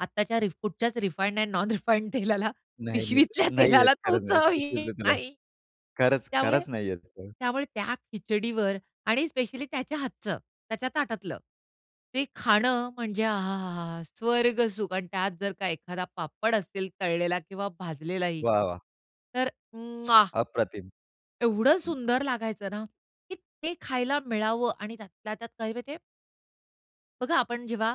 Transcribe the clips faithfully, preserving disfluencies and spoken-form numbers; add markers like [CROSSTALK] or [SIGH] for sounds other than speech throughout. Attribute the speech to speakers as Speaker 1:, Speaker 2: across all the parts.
Speaker 1: आत्ताच्या रिफूडच्याच refined and non refined तेलाला,
Speaker 2: नाही, नाही.
Speaker 1: पिशवीतल्या
Speaker 2: नाही येत
Speaker 1: तेलाला तो
Speaker 2: खरंच आहे,
Speaker 1: चव
Speaker 2: खूप
Speaker 1: येत
Speaker 2: बोललो तिला.
Speaker 1: नाही.
Speaker 2: खरंच,
Speaker 1: त्यामुळे
Speaker 2: खरंच नाही येत, हं.
Speaker 1: त्यामुळे त्या खिचडीवर आणि स्पेशली त्याच्या हातचं, त्याच्या ताटातलं, ते खाणं म्हणजे आ! हा! हा! हा! हा! स्वर्ग सुख आणि त्यात जर का एखादा पापड असेल तळलेला किंवा भाजलेला ही
Speaker 2: वाह! वाह!
Speaker 1: तर उम्मअहा
Speaker 2: अप्रतिम!
Speaker 1: एवढं सुंदर लागायचं ना, की ते खायला मिळावं आणि त्यातल्या त्यात काय माहिती आहे? बघा, आपण जेव्हा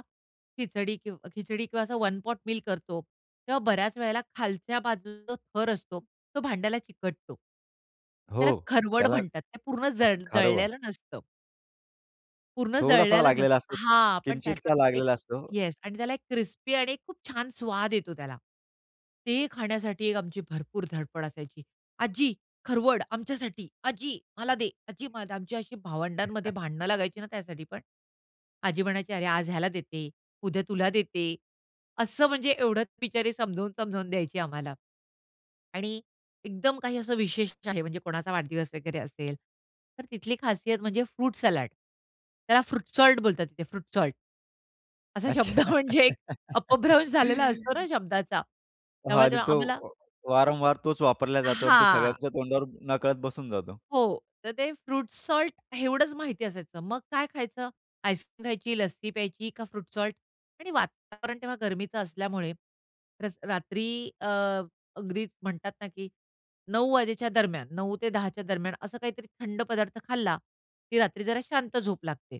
Speaker 1: खिचडी किंव खिचडी किंवा वन पॉट मील करतो, तेव्हा बऱ्याच वेळेला खालच्या बाजूचा थर असतो, तो भांड्याला चिकटतो.
Speaker 2: हो,
Speaker 1: त्याला खरवड
Speaker 2: त्याला
Speaker 1: म्हणतात. ते पूर्ण
Speaker 2: [CHUCKLES]
Speaker 1: जड
Speaker 2: खारवा.
Speaker 1: जळलेलं नसतं. पूर्ण
Speaker 2: थोडासा
Speaker 1: जळलेलं
Speaker 2: लागलेला
Speaker 1: नसतं
Speaker 2: असतो,
Speaker 1: हां, पण त्याचा
Speaker 2: किंचितसा
Speaker 1: एक
Speaker 2: लागलेला असतो.
Speaker 1: येस आणि त्याला एक क्रिस्पी आणि खूप छान स्वाद येतो त्याला. ते खाण्यासाठी एक आमची भरपूर धडपड असायची. "आजी खरवड आमच्यासाठी. आजी, मला दे आजी मला" आमची अशी भावंडांमध्ये
Speaker 2: [CHUCKLES]
Speaker 1: भांडण लागायची ना त्यासाठी पण. आजी म्हणायची, "अरे! आज ह्याला देते, उद्या तुला देते." असं म्हणजे एवढंच बिचारी समजावून-समजावून द्यायची आम्हाला आणि एकदम काही असं विशेष आहे, म्हणजे कोणाचा वाढदिवस वगैरे असेल, तर तिथली खासियत म्हणजे फ्रूट सलाड त्याला फ्रूट सॉल्ट बोलतात तिथे फ्रूट सॉल्ट. असा शब्द
Speaker 2: अच्छा.
Speaker 1: म्हणजे एक अपभ्रंश झालेला असतो ना
Speaker 2: [LAUGHS]
Speaker 1: शब्दाचा.
Speaker 2: हां
Speaker 1: त्यामुळे ते
Speaker 2: आणि तो
Speaker 1: आम्हाला
Speaker 2: वारंवार तोच वापरला जातो आणि तो
Speaker 1: हां.
Speaker 2: सगळ्यांच्या तोंडावर नकळत बसून जातो.
Speaker 1: हो. तर ते फ्रूट सॉल्ट, एवढंच माहिती असायचं. मग काय खायचं? आईसक्रीम खायची, लस्सी प्यायची का फ्रूट सॉल्ट? आणि वातावरण तेव्हा गरमीचं असल्यामुळे रस रात्री अ, ग्रीक्स म्हणतात ना की, "नऊ वाजेच्या दरम्यान, नऊ ते दहाच्या दरम्यान असं काहीतरी थंड पदार्थ खाल्ला की रात्री जरा शांत झोप लागते."